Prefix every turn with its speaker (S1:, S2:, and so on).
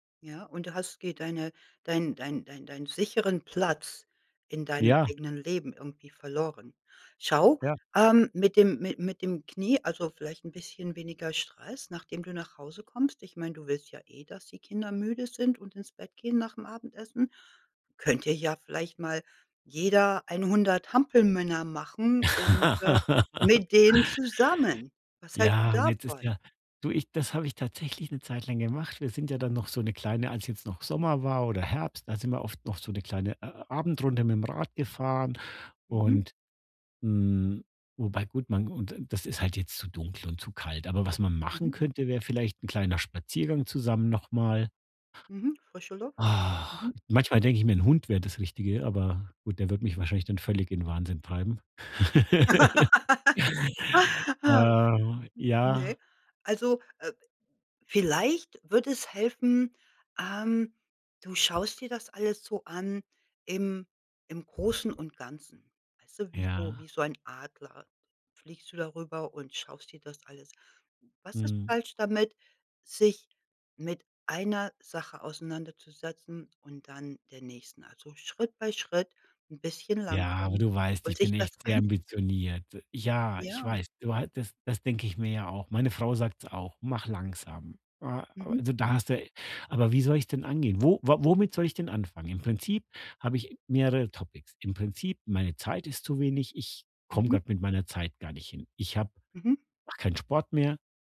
S1: Ja, und du hast geht deine dein dein dein dein sicheren Platz in deinem
S2: Ja.
S1: eigenen Leben irgendwie verloren. Schau,
S2: Ja.
S1: ähm, mit dem mit mit dem Knie also, vielleicht 'n bisschen weniger Stress, nachdem du nach Hause kommst. Ich meine, du willst ja eh, dass die Kinder müde sind und ins Bett gehen nach'm Abendessen. Könnt ihr ja vielleicht mal jeder 100 Hampelmänner machen und, äh, mit denen zusammen. Was hältst du
S2: Ja, und jetzt ist
S1: davon?
S2: ja Du, ich das habe ich tatsächlich 'ne Zeit lang gemacht. Wir sind ja dann noch so 'ne kleine als jetzt noch Sommer war oder Herbst, da sind wir oft noch so 'ne kleine A Abendrunde mit'm Rad gefahren
S1: Mhm.
S2: und Mhm. Wobei gut, man und das ist halt jetzt zu dunkel und zu kalt. Aber was man machen
S1: Mhm.
S2: könnte, wäre vielleicht 'n kleiner Spaziergang zusammen noch mal.
S1: Mhm. Frische Luft. Mhm.
S2: Manchmal denke ich mir, 'n Hund wäre das Richtige, aber gut, der würde mich
S1: Mhm.
S2: wahrscheinlich dann völlig in 'n Wahnsinn treiben.
S1: Ha.
S2: Äh,
S1: N
S2: ja.
S1: ne, also, äh, vielleicht würde es helfen, ähm, du schaust dir das alles so an im im Großen und Ganzen, weißt du, wie so
S2: Ja.
S1: wie so ein Adler fliegst du darüber und schaust dir das alles Was ist
S2: Mhm.
S1: falsch damit, sich mit einer Sache auseinanderzusetzen und dann der nächsten? Also, Schritt bei Schritt, 'n bisschen
S2: Ja, aber
S1: langsam
S2: du weißt,
S1: und
S2: ich
S1: sich
S2: bin
S1: das
S2: echt sehr
S1: einzeln anzu
S2: ambitioniert. Ja, ich
S1: Ja.
S2: weiß, du hattest das denke ich mir ja auch. Meine Frau sagt's auch: „Mach langsam.“ A a
S1: Mhm.
S2: also, da
S1: Mhm.
S2: hast du e aber wie soll ich es denn angehen? Wo wa womit soll ich denn anfangen? Im Prinzip habe ich mehrere Topics. Im Prinzip: meine Zeit ist zu wenig. Ich komme
S1: Mhm.
S2: grad mit meiner Zeit gar nicht hin. Ich habe
S1: Mhm.
S2: mache keinen Sport mehr.